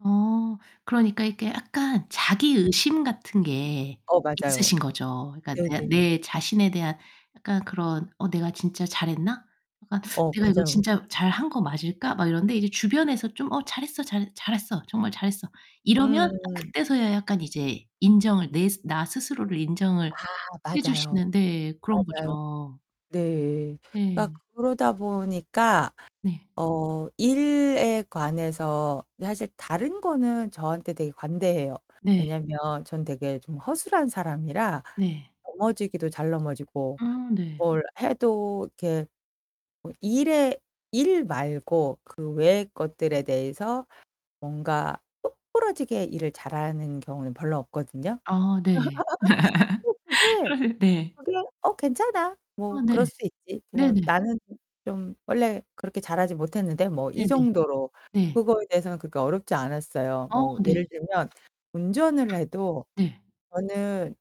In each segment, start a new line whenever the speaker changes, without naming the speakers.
어 그러니까 이게 약간 자기 의심 같은 게
어, 맞아요.
있으신 거죠. 그러니까 그냥
네네.
내 자신에 대한 약간 그런 '어 내가 진짜 잘 했나?' 약간
어,
'내가 이거
맞아.
진짜 잘 한 거 맞을까?' 막 이러는데 이제 주변에서 좀 "어 잘했어 잘 잘했어. 정말 잘했어." 이러면
음.
그때서야 약간 이제 인정을 내 나 스스로를
아
인정을 해
맞아요.
주시는 네 그런
맞아요.
거죠.
네. 막
네.
그러다 보니까
네.
어 일에 관해서 사실 다른 거는 저한테 되게 관대해요.
네.
왜냐면 전 되게 좀 허술한 사람이라
네.
넘어지기도 잘 넘어지고
음 네.
뭘 해도 이렇게 뭐 일에 일 말고 그 외의 것들에 대해서 뭔가 똑 부러지게 일을 잘하는 경우는 별로 없거든요.
아 네.
뭐 그게
어 네.
그냥 '어 괜찮아.
아
뭐 그럴
네.
수 있지. 뭐
네네.
나는 좀 원래 그렇게 자라지 못했는데 뭐' 이
네네.
정도로
네.
그거에 대해서는 그렇게 어렵지 않았어요.
아
뭐
네.
예를 들면 운전을 해도
네.
저는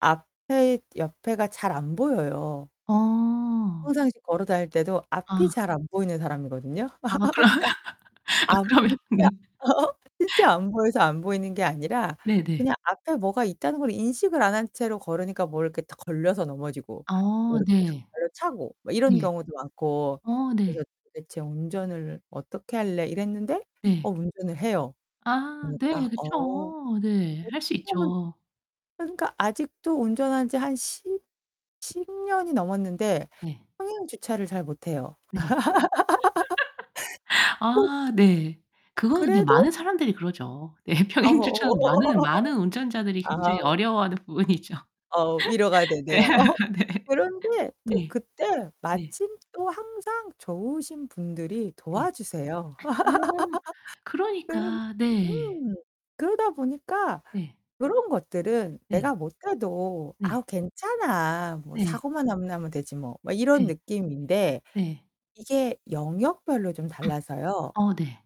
앞에 옆에가 잘 안 보여요.
아.
평상시 걸어 다닐 때도 앞이
아.
잘 안 보이는 사람이거든요.
아 그러면,
아
그러면
진짜
네.
진짜 안 보여서 안 보이는 게 아니라
네네.
그냥 앞에 뭐가 있다는 걸 인식을 안 한 채로 걸으니까 뭘 이렇게 딱 걸려서 넘어지고 뭐
아
이렇게 탁
네.
발로 차고 뭐 이런
예.
경우도 많고
어 네.
그래서 '도대체 운전을 어떻게 할래.' 이랬는데 어
네.
운전을 해요.
아
그러니까
네
어.
그쵸. 네 할 수
[unintelligible]
있죠.
그러니까 아직도 운전한지 한 십 십 년이 넘었는데
네.
평행 주차를 잘 못해요.
네.
또
아 네. 그거는 근데
그래도
많은 사람들이 그러죠. 네
아
평행주차는 많은 많은 운전자들이 굉장히
아.
어려워하는 부분이죠.
어 위로가
네
되네요.
네.
그런데 또
네.
그때
네.
마침 또 항상 좋으신 분들이
네.
도와주세요.
어머
네
그러니까, 네.
음. 그러다 보니까
네.
그런 것들은
네.
내가 못해도
네.
'아우 괜찮아. 뭐
네.
사고만 안 나면 되지 뭐.' 막 이런
네.
느낌인데.
네.
이게 영역별로 좀 달라서요.
어 네.